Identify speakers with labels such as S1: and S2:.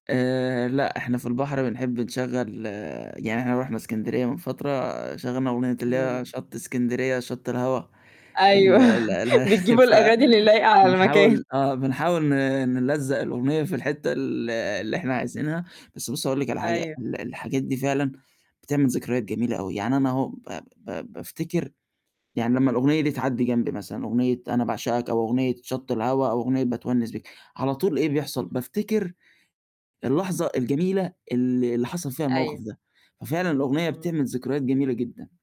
S1: آآ، لأ إحنا في البحر بنحب نشغّل يعني إحنا رُحنا إسكندرية من فترة، شغّلنا أغنية اللي
S2: امم.
S1: هي شَطّ إسكندرية يا شَطّ الهوا،
S2: أيوه
S1: ال ال ال
S2: بتجيبوا
S1: ف
S2: الأغاني اللي لايقة على المكان.
S1: بنحاول آه، بنحاول ن نلزّق الأغنية في الحِتّة ال اللي إحنا عايزينها، بس بُصّي، هاقول لِك على حاجة،
S2: أيوه.
S1: ال الحاجات دي فعلًا بتعمل ذكريات جميلة أوي، يعني أنا أهو ب ب بافتكر يعني لمّا الأغنية دي تعدّي جنبي مثلًا، أغنية أنا باعشقك، أو أغنية شَطّ الهوا، أو أغنية باتونِّس بيك، على طول إيه بيحصل،
S2: إمم.
S1: بافتكر اللحظة الجميلة ال اللي حصل فيها الموقف
S2: أيوه.
S1: ده، ففعلًا الأغنية بتعمل
S2: اهم.
S1: ذكريات جميلة جدًا.